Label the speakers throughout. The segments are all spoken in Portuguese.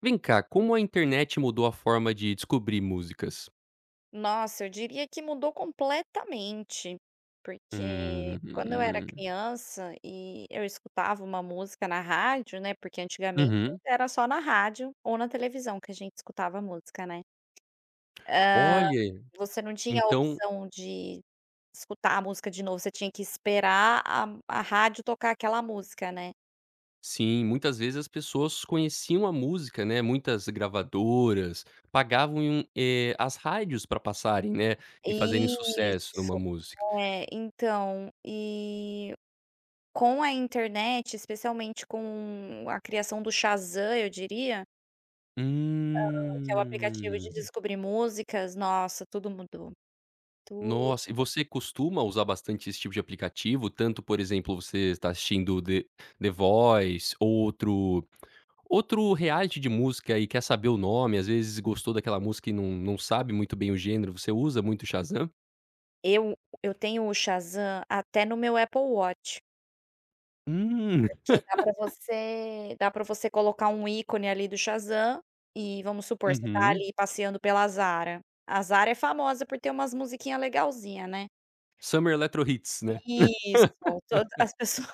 Speaker 1: Vem cá, como a internet mudou a forma de descobrir músicas?
Speaker 2: Nossa, eu diria que mudou completamente, porque quando eu era
Speaker 1: Uhum.
Speaker 2: criança e eu escutava uma música na rádio né, porque antigamente
Speaker 1: Uhum.
Speaker 2: era só na rádio ou na televisão que a gente escutava música, né. Hã,
Speaker 1: Olhe,
Speaker 2: você não tinha a
Speaker 1: então
Speaker 2: opção de escutar a música de novo, você tinha que esperar a m a rádio tocar aquela música, né.
Speaker 1: Sim, muitas vezes as pessoas conheciam a música, né, muitas gravadoras pagavam e um eh, as rádios pra passarem, né, e fazerem sucesso uma
Speaker 2: Isso,
Speaker 1: música.
Speaker 2: é. Então e com a internet, especialmente com a criação do Shazam eu diria Hã, que é o aplicativo de
Speaker 1: Hum.
Speaker 2: descobrir músicas, nossa tudo mudou, tudo mudou.
Speaker 1: Nossa, e você costuma usar bastante esse tipo de aplicativo, tanto, por exemplo, você tá assistindo The The Voice ou outro outro reality de música e quer saber o nome, as vezes gostou daquela música e não não sabe muito bem o gênero, você usa muito Shazam?
Speaker 2: Eu eu tenho o Shazam até no meu Apple Watch.
Speaker 1: Hum.
Speaker 2: Porque dá pra você dá pra você colocar um ícone ali do Shazam, e vamos supor você tá
Speaker 1: Uhum.
Speaker 2: ali passeando pela Zara, a Zara é famosa por ter umas musiquinha legalzinha, né?
Speaker 1: Summer Electro Hits, né?
Speaker 2: Isso, toda as pessoas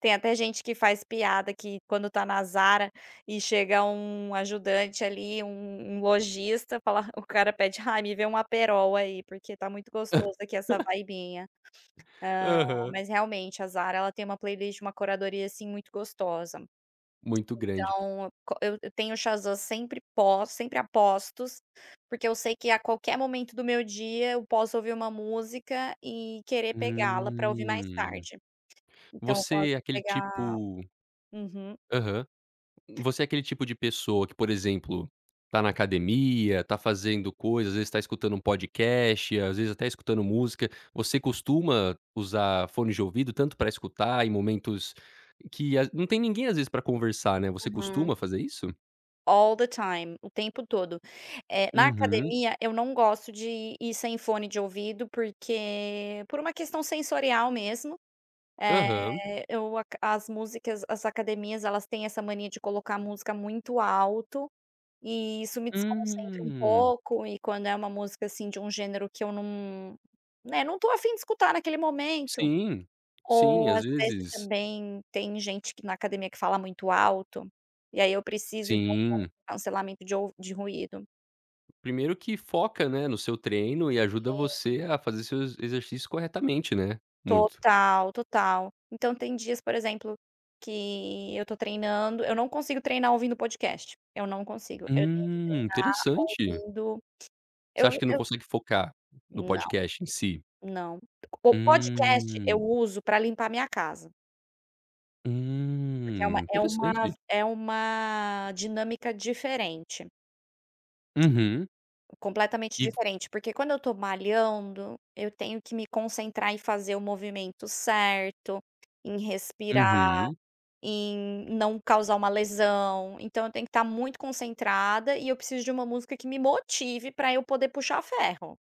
Speaker 2: tem até gente que faz piada que quando tá na Zara e chega um ajudante ali, um um lojista fala, o cara pede: "Ai, me vê um Aperol aí, porque tá muito gostoso aqui essa vibinha". Hã,
Speaker 1: Aham.
Speaker 2: mas realmente a Zara, ela tem uma playlist, uma curadoria, assim, muito gostosa.
Speaker 1: Muito grande.
Speaker 2: Então co eu eu tenho sempre pos sempre aposto, porque eu sei que a qualquer momento do meu dia eu posso ouvir uma música e querer pegá-la pra ouvir mais
Speaker 1: Hum.
Speaker 2: tarde. Então eu gosto
Speaker 1: Você é
Speaker 2: de
Speaker 1: aquele
Speaker 2: pegar
Speaker 1: tipo
Speaker 2: Uhum.
Speaker 1: Aham, você é aquele tipo de pessoa que, por exemplo, tá na academia, tá fazendo coisas, às vezes tá escutando um podcast, às vezes até escutando música, você costuma usar fones de ouvido tanto pra escutar em momentos que as não tem ninguém às vezes pra conversar, né, você
Speaker 2: Uhum.
Speaker 1: costuma fazer isso?
Speaker 2: All the time, o tempo todo, eh, na
Speaker 1: Uhum.
Speaker 2: academia, eu não gosto de ir sem fone de ouvido, porque por uma questão sensorial mesmo,
Speaker 1: Aham.
Speaker 2: eh, eu aca as músicas as academias, elas têm essa mania de colocar música muito alto e isso me desconcentra um
Speaker 1: Hum.
Speaker 2: pouco. E quando é uma música, assim, de um gênero que eu num, né. Não tô afim de escutar naquele momento,
Speaker 1: Sim, sim,
Speaker 2: ou
Speaker 1: às
Speaker 2: às vezes
Speaker 1: vezes.
Speaker 2: também tem gente que na academia que fala muito alto. E aí eu preciso de um fone
Speaker 1: Sim.
Speaker 2: com cancelamento de ouvi de ruído.
Speaker 1: Primeiro que foca, né, no seu treino, e ajuda
Speaker 2: Sim.
Speaker 1: você a fazer seus exercícios corretamente, né, muito.
Speaker 2: Total, total. Então tem dias, por exemplo, que eu tô treinando. Eu não consigo treinar ouvindo podcast, eu não consigo. Eu tenho que
Speaker 1: Hum,
Speaker 2: treinar
Speaker 1: interessante.
Speaker 2: ouvindo
Speaker 1: Você
Speaker 2: eu
Speaker 1: acha que não
Speaker 2: eu
Speaker 1: consegue focar no
Speaker 2: Não.
Speaker 1: podcast em si?
Speaker 2: Não, o podcast eu
Speaker 1: Hum.
Speaker 2: uso pra limpar a minha casa. Porque é uma
Speaker 1: Hum,
Speaker 2: é uma
Speaker 1: interessante.
Speaker 2: é uma dinâmica diferente.
Speaker 1: Uhum.
Speaker 2: Completamente
Speaker 1: E v
Speaker 2: diferente, porque quando eu estou malhando, eu tenho que me concentrar em fazer o movimento certo, em respirar
Speaker 1: Uhum.
Speaker 2: e em não causar uma lesão. Então eu tenho que estar muito concentrada e eu preciso de uma música que me motive para eu poder puxar ferro.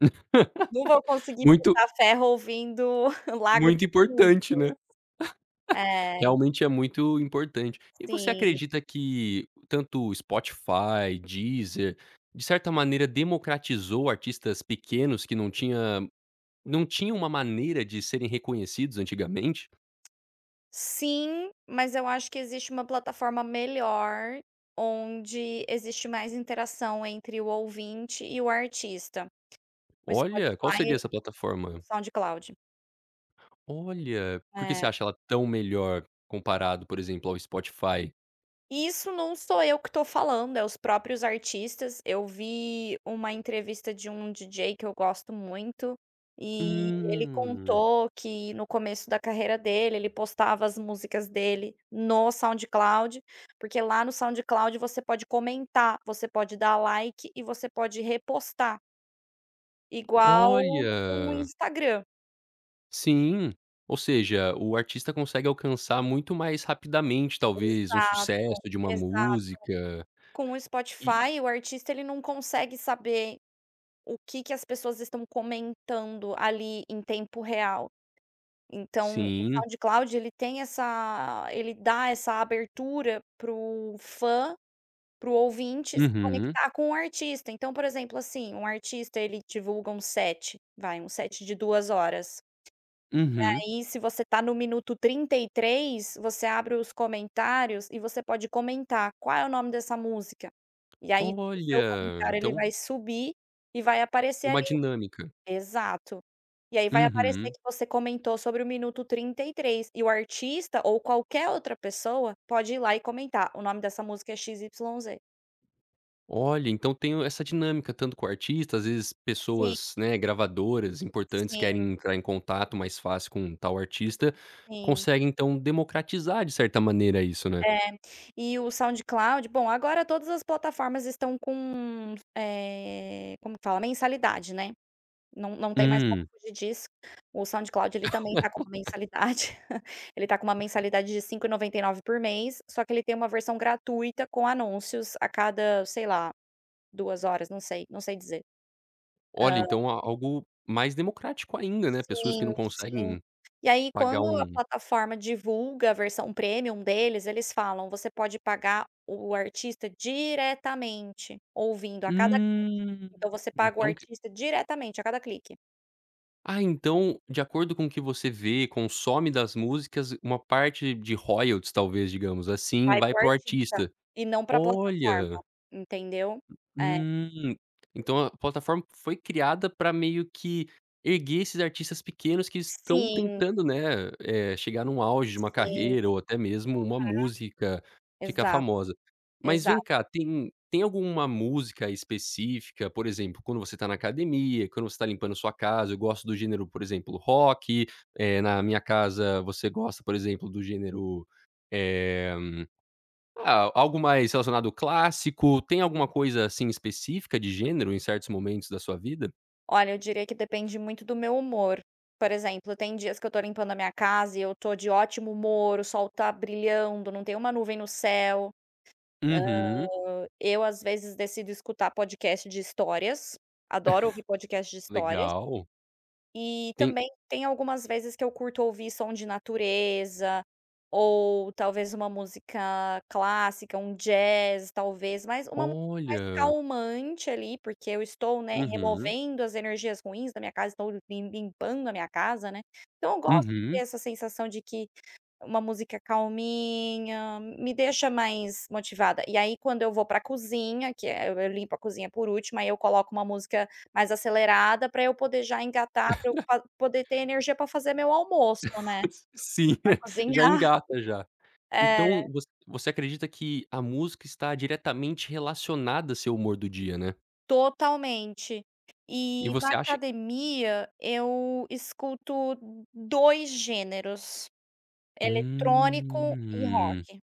Speaker 2: Não vou conseguir
Speaker 1: Muito
Speaker 2: puxar ferro ouvindo Lago
Speaker 1: Muito
Speaker 2: dos
Speaker 1: importante,
Speaker 2: Cisnes.
Speaker 1: né.
Speaker 2: É.
Speaker 1: Realmente é muito importante. E você
Speaker 2: Sim.
Speaker 1: acredita que tanto o Spotify, Deezer, de certa maneira democratizou artistas pequenos, que não tinha não tinha uma maneira de serem reconhecidos antigamente?
Speaker 2: Sim, mas eu acho que existe uma plataforma melhor, onde existe mais interação entre o ouvinte e o artista, o
Speaker 1: Olha, qual
Speaker 2: Spotify
Speaker 1: seria essa
Speaker 2: o
Speaker 1: plataforma?
Speaker 2: SoundCloud.
Speaker 1: Olha, por que você
Speaker 2: É.
Speaker 1: acha ela tão melhor comparado, por exemplo, ao Spotify?
Speaker 2: Isso não sou eu que estou falando, é os próprios artistas. Eu vi uma entrevista de um DJ que eu gosto muito e ele
Speaker 1: Hum.
Speaker 2: contou que no começo da carreira dele, ele postava as músicas dele no SoundCloud, porque lá no SoundCloud você pode comentar, você pode dar like e você pode repostar. Igual no
Speaker 1: Olha!
Speaker 2: Instagram.
Speaker 1: Sim, ou seja, o artista consegue alcançar muito mais rapidamente, talvez um
Speaker 2: Exato,
Speaker 1: sucesso de uma
Speaker 2: exato,
Speaker 1: música.
Speaker 2: com o
Speaker 1: E
Speaker 2: Spotify, o artista, ele não consegue saber o que que as pessoas estão comentando ali em tempo real. Então o
Speaker 1: Sim.
Speaker 2: SoundCloud, ele tem essa ele dá essa abertura para o fã para o ouvinte se
Speaker 1: Uhum.
Speaker 2: conectar com o artista. Então, por exemplo, assim, um artista, ele divulga um set, vai um set de 2h. E
Speaker 1: Uhum.
Speaker 2: aí, se você está no minuto 33, você abre os comentários e você pode comentar: "Qual é o nome dessa música?". E aí o seu
Speaker 1: Olha,
Speaker 2: comentário ele
Speaker 1: então
Speaker 2: vai subir e vai
Speaker 1: É
Speaker 2: aparecer
Speaker 1: uma
Speaker 2: ali.
Speaker 1: dinâmica.
Speaker 2: Exato. E aí vai aparecer
Speaker 1: Uhum.
Speaker 2: que você comentou sobre o minuto 33, e o artista ou qualquer outra pessoa pode ir lá e comentar o nome dessa música é XYZ.
Speaker 1: Olha, então tem o essa dinâmica, tanto com artistas, às vezes
Speaker 2: Sim.
Speaker 1: pessoas, né, gravadoras importantes
Speaker 2: Sim.
Speaker 1: querem entrar em contato mais fácil com tal artista,
Speaker 2: Sim.
Speaker 1: conseguem então democratizar de certa maneira isso, né?
Speaker 2: É, e o SoundCloud Bom, agora todas as plataformas estão com, eh, como que fala a mensalidade, né? Não não tem mais como
Speaker 1: Hum.
Speaker 2: fugir disso, o SoundCloud ele também tá com uma mensalidade. Ele está com uma mensalidade de 5,99 por mês. Só que ele tem uma versão gratuita com anúncios a cada sei lá 2h, não sei, não sei dizer.
Speaker 1: Olha,
Speaker 2: Hã.
Speaker 1: então há algo mais democrático ainda, né. Pessoas que
Speaker 2: Sim,
Speaker 1: não
Speaker 2: sim.
Speaker 1: conseguem
Speaker 2: E aí,
Speaker 1: pagar
Speaker 2: quando a
Speaker 1: um
Speaker 2: plataforma divulga a versão premium deles, eles falam você pode pagar o artista diretamente ouvindo a cada clique.
Speaker 1: Hum,
Speaker 2: Então você paga o
Speaker 1: então que
Speaker 2: artista diretamente a cada clique.
Speaker 1: Ah, então, de acordo com o que você vê, consome das músicas, uma parte de royalties, talvez, digamos assim,
Speaker 2: Vai
Speaker 1: vai
Speaker 2: para o
Speaker 1: para o
Speaker 2: artista,
Speaker 1: artista.
Speaker 2: e não para a plataforma,
Speaker 1: Olha.
Speaker 2: entendeu? É.
Speaker 1: Hum, então a plataforma foi criada para meio que erguer esses artistas pequenos que estão
Speaker 2: Sim.
Speaker 1: tentando, né, eh, chegar num auge de uma
Speaker 2: Sim. Vão falar.
Speaker 1: carreira, ou até mesmo uma música ficar
Speaker 2: Exato,
Speaker 1: famosa. Mas vem
Speaker 2: exato.
Speaker 1: cá, tem tem alguma música específica, por exemplo, quando você tá na academia, quando você tá limpando sua casa, eu gosto do gênero, por exemplo, rock, eh, na minha casa, você gosta, por exemplo, do gênero, eh, ah, algo mais relacionado ao clássico. Tem alguma coisa, assim, específica de gênero em certos momentos da sua vida?
Speaker 2: Olha, eu diria que depende muito do meu humor. Por exemplo, tem dias que eu estou limpando a minha casa e eu estou de ótimo humor. O sol está brilhando, não tem uma nuvem no céu,
Speaker 1: Uhum.
Speaker 2: ah, eu às vezes decido escutar podcast de histórias. Adoro ouvir podcast de histórias.
Speaker 1: Legal.
Speaker 2: E
Speaker 1: Tem.
Speaker 2: também tem algumas vezes que eu curto ouvir som de natureza ou talvez uma música clássica, um jazz, talvez, mas uma música mais
Speaker 1: Olha.
Speaker 2: calmante ali, porque eu estou, né,
Speaker 1: Uhum.
Speaker 2: removendo as energias ruins da minha casa. Estou lim limpando a minha casa, né. Então eu gosto de ter
Speaker 1: Uhum.
Speaker 2: essa sensação de que uma música calminha me deixa mais motivada. E aí, quando eu vou para a cozinha, que é, eu limpo a cozinha por último, aí eu coloco uma música mais acelerada pra eu poder já engatar, pra eu pa poder ter energia para fazer meu almoço, né,
Speaker 1: Sim,
Speaker 2: pra
Speaker 1: já
Speaker 2: cozinhar.
Speaker 1: engata já. Então
Speaker 2: É.
Speaker 1: vo você acredita que a música está diretamente relacionada a seu humor do dia, né?
Speaker 2: Totalmente.
Speaker 1: E
Speaker 2: E, na
Speaker 1: você acha
Speaker 2: academia, eu escuto 2 gêneros: eletrônico e
Speaker 1: Hum.
Speaker 2: rock.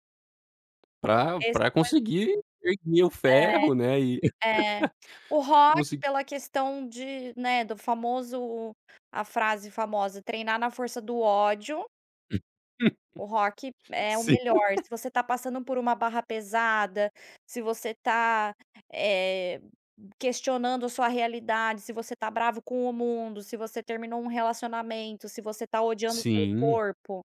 Speaker 1: Pra
Speaker 2: Esses
Speaker 1: pra
Speaker 2: dois
Speaker 1: conseguir erguer o ferro, né, e
Speaker 2: É, é. O rock
Speaker 1: consi
Speaker 2: pela questão de né, do famoso a frase famosa "treinar na força do ódio". O rock é o
Speaker 1: Sim.
Speaker 2: melhor. Se você tá passando por uma barra pesada, se você tá, eh, questionando a sua realidade, se você tá bravo com o mundo, se você terminou um relacionamento, se você tá odiando o seu
Speaker 1: Sim.
Speaker 2: corpo,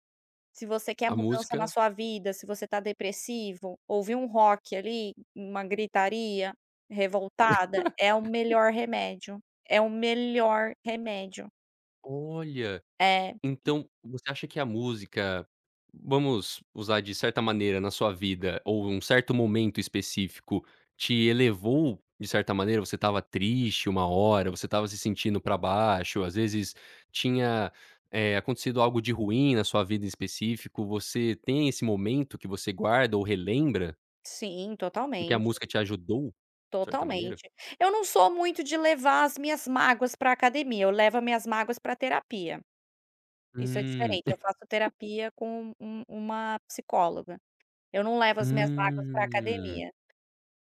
Speaker 2: se você quer
Speaker 1: A
Speaker 2: mudança na
Speaker 1: música
Speaker 2: sua vida, se você tá depressivo, ouvir um rock ali, uma gritaria revoltada, é o melhor remédio, é o melhor remédio.
Speaker 1: Olha,
Speaker 2: É.
Speaker 1: então, você acha que a música vamos usar de certa maneira na sua vida ou um certo momento específico te elevou de certa maneira? Você estava triste uma hora, você estava se sentindo pra baixo, às vezes tinha, eh, acontecido algo de ruim na sua vida em específico? Você tem esse momento que você guarda ou relembra?
Speaker 2: Sim,
Speaker 1: Em que a
Speaker 2: totalmente.
Speaker 1: música te ajudou de certa maneira.
Speaker 2: Totalmente. Eu não sou muito de levar as minhas mágoas para a academia. Eu levo as minhas mágoas para a terapia. Isso é
Speaker 1: Hum.
Speaker 2: diferente. Eu faço terapia com um uma psicóloga. Eu não levo as minhas mágoas para a
Speaker 1: Hum.
Speaker 2: academia.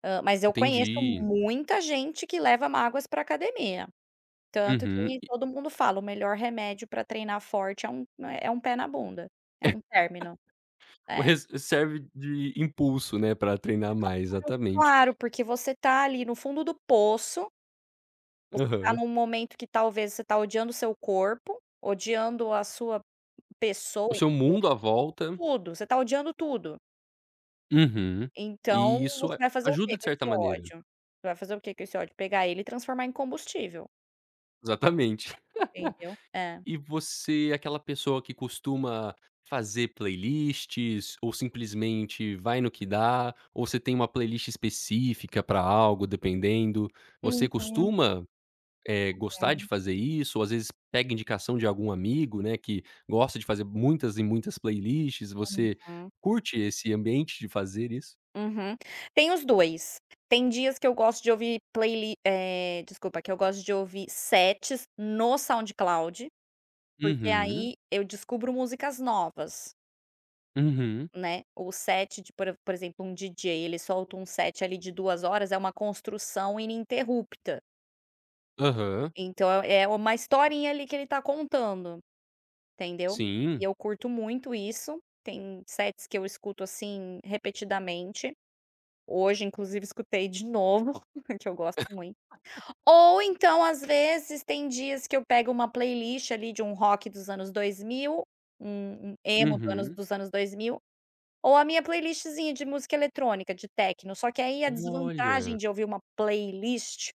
Speaker 2: Ah, mas eu conheço
Speaker 1: Entendi.
Speaker 2: muita gente que leva mágoas para a academia. Tanto
Speaker 1: Uhum.
Speaker 2: que todo mundo fala: "O melhor remédio para treinar forte é um é é um pé na bunda, é um término",
Speaker 1: O
Speaker 2: é.
Speaker 1: res serve de impulso, né, pra treinar
Speaker 2: Claro,
Speaker 1: mais, exatamente.
Speaker 2: claro porque você está ali no fundo do poço você está
Speaker 1: Aham.
Speaker 2: num momento que talvez você está odiando o seu corpo, odiando a sua pessoa
Speaker 1: O seu mundo
Speaker 2: inteira,
Speaker 1: à volta.
Speaker 2: tudo você está odiando tudo.
Speaker 1: Uhum,
Speaker 2: Então
Speaker 1: e isso
Speaker 2: você
Speaker 1: a
Speaker 2: vai fazer o que
Speaker 1: ajuda de
Speaker 2: com
Speaker 1: certa
Speaker 2: esse
Speaker 1: maneira.
Speaker 2: ódio? Você vai fazer o que com esse ódio, pegar ele e transformar em combustível.
Speaker 1: Exatamente.
Speaker 2: Entendeu, é.
Speaker 1: E você é aquela pessoa que costuma fazer playlists ou simplesmente vai no que dá, ou você tem uma playlist específica para algo, dependendo, você
Speaker 2: Uhum.
Speaker 1: costuma, eh, gostar de
Speaker 2: É.
Speaker 1: fazer isso, ou às vezes pega indicação de algum amigo, né, que gosta de fazer muitas e muitas playlists. Você
Speaker 2: Uhum.
Speaker 1: curte esse ambiente de fazer isso?
Speaker 2: Uhum, tem os 2. Tem dias que eu gosto de ouvir playli eh, desculpa, que eu gosto de ouvir sets no SoundCloud, porque
Speaker 1: Uhum.
Speaker 2: aí eu descubro músicas novas.
Speaker 1: Uhum.
Speaker 2: Né, o set de por por exemplo, um DJ ele solta um set ali de 2h, é uma construção ininterrupta.
Speaker 1: Aham.
Speaker 2: Então é uma historinha ali que ele tá contando, entendeu? E
Speaker 1: Sim.
Speaker 2: eu curto muito isso, tem sets que eu escuto, assim, repetidamente, hoje, inclusive escutei de novo um que eu gosto muito, ou então às vezes tem dias que eu pego uma playlist ali de um rock dos anos 2000, um um emo dos anos
Speaker 1: Uhum.
Speaker 2: dos anos 2000, ou a minha playlistzinha de música eletrônica, de tecno, só que aí a desvantagem
Speaker 1: Olha.
Speaker 2: de ouvir uma playlist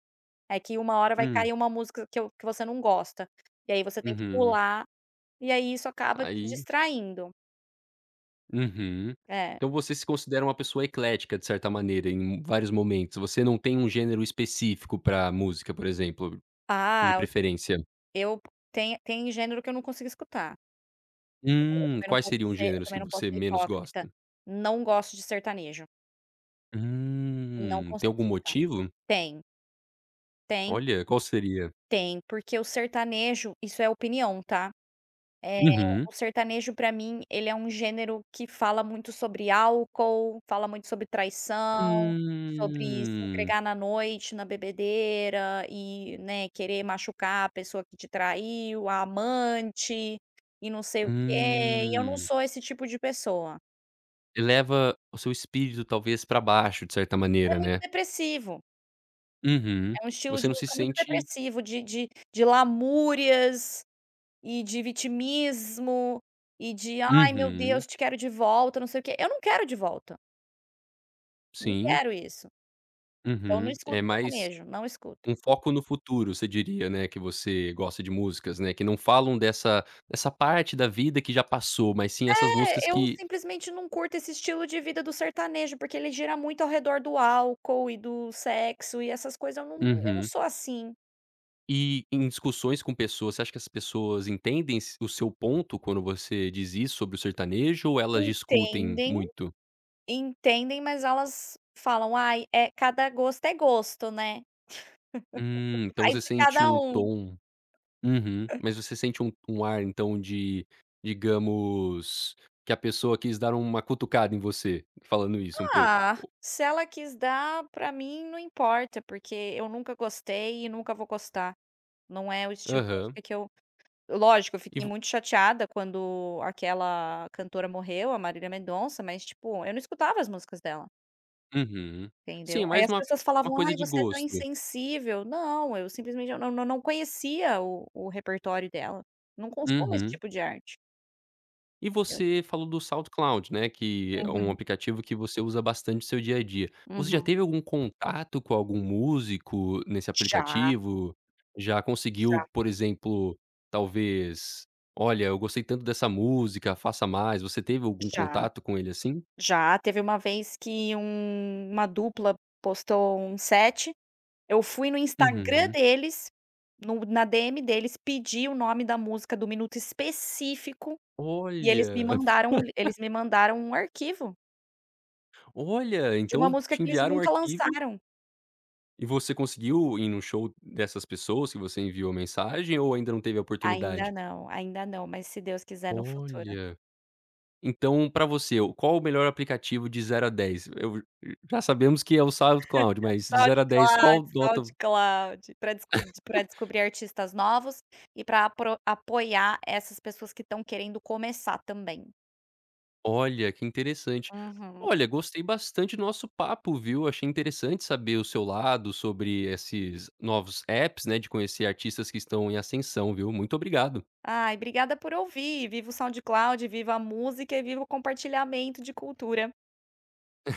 Speaker 2: é que uma hora vai
Speaker 1: Hum.
Speaker 2: cair uma música que eu que você não gosta e aí você tem que
Speaker 1: Uhum.
Speaker 2: pular, e aí isso acaba te
Speaker 1: Aí
Speaker 2: distraindo.
Speaker 1: Uhum.
Speaker 2: É.
Speaker 1: Então você se considera uma pessoa eclética, de certa maneira, em vários momentos, você não tem um gênero específico pra música, por exemplo, de
Speaker 2: Ah,
Speaker 1: preferência.
Speaker 2: eu tem tem gênero que eu não consigo escutar. Também eu
Speaker 1: Hum,
Speaker 2: também não
Speaker 1: quais
Speaker 2: posso
Speaker 1: seriam os
Speaker 2: ser eu
Speaker 1: gêneros
Speaker 2: também
Speaker 1: que
Speaker 2: não posso
Speaker 1: você
Speaker 2: ser
Speaker 1: menos
Speaker 2: hipócrita,
Speaker 1: gosta?
Speaker 2: não gosto de sertanejo. Não
Speaker 1: Hum, tem
Speaker 2: consigo
Speaker 1: algum
Speaker 2: escutar,
Speaker 1: motivo?
Speaker 2: tem. Tem.
Speaker 1: Olha, qual seria?
Speaker 2: Tem, porque o sertanejo, isso é opinião, tá, eh,
Speaker 1: Uhum.
Speaker 2: o sertanejo para mim, ele é um gênero que fala muito sobre álcool, fala muito sobre traição, sobre se
Speaker 1: Hum.
Speaker 2: entregar na noite, na bebedeira e, né, querer machucar a pessoa que te traiu, a amante e não sei o quê, e eu não
Speaker 1: Hum.
Speaker 2: sou esse tipo de pessoa.
Speaker 1: Leva o seu espírito, talvez, para baixo, de certa
Speaker 2: É
Speaker 1: maneira,
Speaker 2: muito
Speaker 1: né?
Speaker 2: depressivo.
Speaker 1: Uhum,
Speaker 2: É um estilo
Speaker 1: você
Speaker 2: de
Speaker 1: não se
Speaker 2: música muito
Speaker 1: sente
Speaker 2: depressivo, de de de lamúrias, e de vitimismo e de: "Ai meu
Speaker 1: Uhum.
Speaker 2: Deus, te quero de volta, não sei o quê", eu não quero de volta. Não
Speaker 1: Sim.
Speaker 2: quero isso. Então não
Speaker 1: Uhum, é
Speaker 2: escuto
Speaker 1: mais
Speaker 2: sertanejo, não escuto.
Speaker 1: um foco no futuro você diria, né. Que você gosta de músicas, né, que não falam dessa dessa parte da vida que já passou, mas sim essas músicas
Speaker 2: É, eu
Speaker 1: que
Speaker 2: simplesmente não curto esse estilo de vida do sertanejo, porque ele gira muito ao redor do álcool e do sexo e essas coisas eu não eu não
Speaker 1: Uhum.
Speaker 2: sou assim.
Speaker 1: E em discussões com pessoas. Você acha que as pessoas entendem esse o seu ponto quando você diz isso sobre o sertanejo, ou elas discutem
Speaker 2: Entendem
Speaker 1: muito?
Speaker 2: entendem, mas elas falam: "Aí, é cada gosto é gosto, né,
Speaker 1: Hum, então
Speaker 2: vai
Speaker 1: você
Speaker 2: de
Speaker 1: sente
Speaker 2: cada
Speaker 1: um
Speaker 2: um."
Speaker 1: tom uhum, mas você sente um um ar, então de digamos que a pessoa quis dar uma cutucada em você falando isso, um pouco
Speaker 2: Ah,
Speaker 1: ou
Speaker 2: se ela quis dar, pra mim não importa, porque eu nunca gostei e nunca vou gostar. Não é o estilo de
Speaker 1: Aham.
Speaker 2: música que eu lógico, eu
Speaker 1: E
Speaker 2: fiquei
Speaker 1: vo
Speaker 2: muito chateada quando aquela cantora morreu, a Marília Mendonça, mas, tipo, eu não escutava as músicas dela.
Speaker 1: Uhum,
Speaker 2: Entendeu?
Speaker 1: sim,
Speaker 2: Aí
Speaker 1: mais
Speaker 2: as
Speaker 1: uma
Speaker 2: pessoas
Speaker 1: uma
Speaker 2: falavam:
Speaker 1: coisa
Speaker 2: "Ai,
Speaker 1: de
Speaker 2: você é tão
Speaker 1: gosto.
Speaker 2: insensível", não, eu simplesmente eu não não não conhecia o o repertório dela, não consumo esse
Speaker 1: Uhum.
Speaker 2: tipo de arte.
Speaker 1: E
Speaker 2: Entendeu.
Speaker 1: você falou do SoundCloud, né? Que é um
Speaker 2: Uhum.
Speaker 1: aplicativo que você usa bastante o seu dia a dia. Você já
Speaker 2: Uhum.
Speaker 1: teve algum contato com algum músico nesse
Speaker 2: Já.
Speaker 1: aplicativo? Já conseguiu,
Speaker 2: Já.
Speaker 1: por exemplo, talvez, "Olha, eu gostei tanto dessa música, faça mais." Você teve algum
Speaker 2: Já.
Speaker 1: contato com ele assim?
Speaker 2: Já teve uma vez que um uma dupla postou um set. Eu fui no Instagram
Speaker 1: Uhum.
Speaker 2: deles, no na DM deles pedir o nome da música do minuto específico e eles me
Speaker 1: Olha!
Speaker 2: mandaram o lin eles me mandaram um arquivo
Speaker 1: Olha,
Speaker 2: de uma
Speaker 1: então
Speaker 2: música
Speaker 1: te
Speaker 2: que eles
Speaker 1: enviaram um
Speaker 2: nunca
Speaker 1: arquivo
Speaker 2: lançaram.
Speaker 1: E você conseguiu ir num show dessas pessoas que você enviou mensagem ou ainda não teve a oportunidade?
Speaker 2: Ainda não, ainda não, mas se Deus quiser no futuro.
Speaker 1: Olha. Então pra você, qual o melhor aplicativo de 0 a 10? Eu já sabemos que é o SoundCloud, mas de 0 a 10,
Speaker 2: SoundCloud,
Speaker 1: qual nota
Speaker 2: SoundCloud para descud pra descobrir artistas novos e pra apro apoiar essas pessoas que estão querendo começar também.
Speaker 1: Olha que interessante,
Speaker 2: Uhum.
Speaker 1: olha, gostei bastante do nosso papo, viu? Achei interessante saber o seu lado sobre esses novos APPs, né, de conhecer artistas que estão em ascensão, viu, muito obrigado!
Speaker 2: Ai, obrigada por ouvir, viva o SoundCloud, viva a música e viva o compartilhamento de cultura.